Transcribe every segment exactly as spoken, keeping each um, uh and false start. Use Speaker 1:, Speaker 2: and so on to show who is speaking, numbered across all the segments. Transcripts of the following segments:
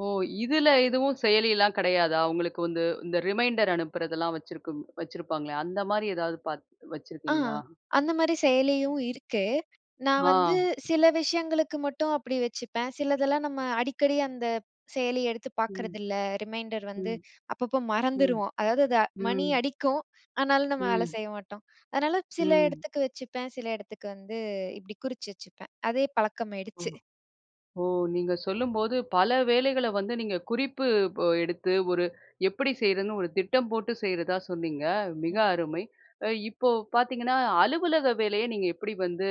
Speaker 1: ஓ! இதில எதுவும் செயலிலாம் கிடையாதா? உங்களுக்கு வந்து இந்த ரிமைண்டர் அனுப்புறதெல்லாம் வச்சிருக்கும் வச்சிருப்பாங்களே அந்த மாரி ஏதாவது பாத்
Speaker 2: ஆ,
Speaker 1: வச்சிருக்கீங்களா?
Speaker 2: அந்த மாரி செயலியும் இருக்கு. நான் வந்து,
Speaker 1: ஆ.
Speaker 2: சில விஷயங்களுக்கு மட்டும் அப்படி வச்சுப்பேன். சிலதெல்லாம் நம்ம அடிக்கடி அந்த செயலி எடுத்து
Speaker 1: ம்.
Speaker 2: பாக்குறதில்ல. ரிமைண்டர் வந்து
Speaker 1: ம்.
Speaker 2: அப்பப்போ
Speaker 1: ம்.
Speaker 2: மறந்துருவோம். அதாவது த மணி
Speaker 1: ம்.
Speaker 2: அடிக்கும். ஆனாலும் நம்ம வேலை
Speaker 1: ம்.
Speaker 2: செய்ய மாட்டோம். அதனால சில
Speaker 1: ம்.
Speaker 2: இடத்துக்கு வச்சுப்பேன். சில இடத்துக்கு வந்து இப்டி குறிச்சு வச்சுப்பேன். அதே
Speaker 1: ஓ,
Speaker 2: பழக்கமாயிடுச்சு.
Speaker 1: ஓ! நீங்க சொல்லும்போது பல வேலைகள வந்து நீங்க குறிப்பு ப எடுத்து ஒரு எப்படி செய்றதுன்னு ஒரு திட்டம் போட்டு செய்றதா சொன்னீங்க. மிக
Speaker 2: ம்.
Speaker 1: அருமை. இப்போ பாத்தீங்கன்னா, அலுவலக வேலையை அ நீங்க எப்படி வந்து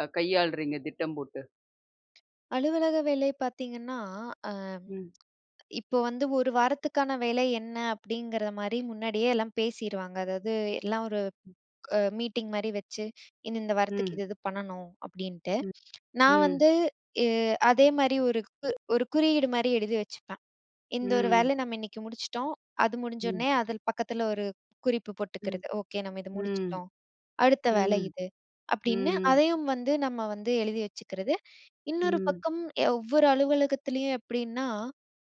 Speaker 1: அ கையாளுறீங்க திட்டம் போட்டு?
Speaker 2: அலுவலக வேலை பார்த்தீங்கன்னா ஆ.
Speaker 1: ம்.
Speaker 2: இப்போ வந்து ஒரு வாரத்துக்கான வேலை என்ன அப்டிங்கிற மாதிரி முன்னாடியே எல்லாம் பேசிருவாங்க. அதாவது எல்லாம் ஒரு
Speaker 1: ம்.
Speaker 2: அ மீட்டிங் மாரி வச்சு, "இந்த இந்த வாரத்துக்கு
Speaker 1: ம்.
Speaker 2: இது இது பண்ணணும்" அப்டின்ட்டு
Speaker 1: ம்.
Speaker 2: நான்
Speaker 1: ம்.
Speaker 2: வந்து எ அதே மாரி ஒரு கு ஒரு குறியீடு மாரி எழுதி வச்சுப்பேன். இந்த ஒரு
Speaker 1: ம்.
Speaker 2: வேலை நம்ம இன்னைக்கு முடிச்சுட்டோம். அது முடிஞ்ச
Speaker 1: ம்.
Speaker 2: உடனே, அதில பக்கத்தில ஒரு குறிப்பு
Speaker 1: ம்,
Speaker 2: போட்டுக்கறது. "ஓகே நம்ம இத
Speaker 1: ம்,
Speaker 2: முடிச்சுட்டோம். அடுத்த வேலை
Speaker 1: ம்,
Speaker 2: இது" அப்டின்னு
Speaker 1: ம்.
Speaker 2: அதையும் வந்து நம்ம வந்து எழுதி வச்சுக்கிறது, இன்னொரு
Speaker 1: ம்.
Speaker 2: பக்கம் ஒவ்வொரு அலுவலகத்திலேயும் எப்படின்னா,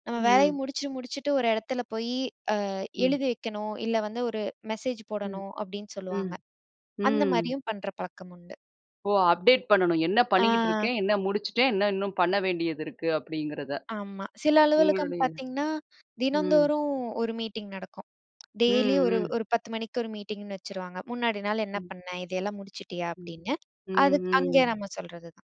Speaker 2: நம்ம வேலையை
Speaker 1: ம்.
Speaker 2: முடிச்சுட்டு முடிச்சுட்டு ஒரு எடத்துல போயி அ
Speaker 1: ம்.
Speaker 2: எழுதி வைக்கணும். இல்ல வந்து ஒரு மெசேஜ்
Speaker 1: ம்
Speaker 2: போடணும், அப்டின்னு
Speaker 1: ம்
Speaker 2: சொல்லுவாங்க. அந்த
Speaker 1: ம்.
Speaker 2: மாரியும் பண்ற பழக்கம் உண்டு.
Speaker 1: ஓ, அப்டேட் பண்ணனும் என்ன பண்ணிக்கிட்டு
Speaker 2: ஆ.
Speaker 1: இருக்கேன், என்ன முடிச்சிட்டேன், என்ன இன்னும் பண்ண வேண்டியது இருக்கு? அப்படிங்கறத.
Speaker 2: ஆமா. சில அலுவலகம்
Speaker 1: உங்களுடைய
Speaker 2: பாத்தீங்கன்னா,
Speaker 1: ம்.
Speaker 2: தினந்தோறும் ஒரு மீட்டிங் நடக்கும். டெய்லியும்
Speaker 1: ம்,
Speaker 2: ஒரு
Speaker 1: ம்.
Speaker 2: ஒரு பத்து மணிக்கு ஒரு மீட்டிங்ன்னு வச்சுருவாங்க. "முன்னாடி நாள் என்ன
Speaker 1: ம்.
Speaker 2: பண்ண? இதையெல்லாம் முடிச்சிட்டியா?"
Speaker 1: ம்.
Speaker 2: அப்டின்னு.
Speaker 1: ம்,
Speaker 2: அது க் அங்கே
Speaker 1: ம்.
Speaker 2: நம்ம சொல்றது தான்.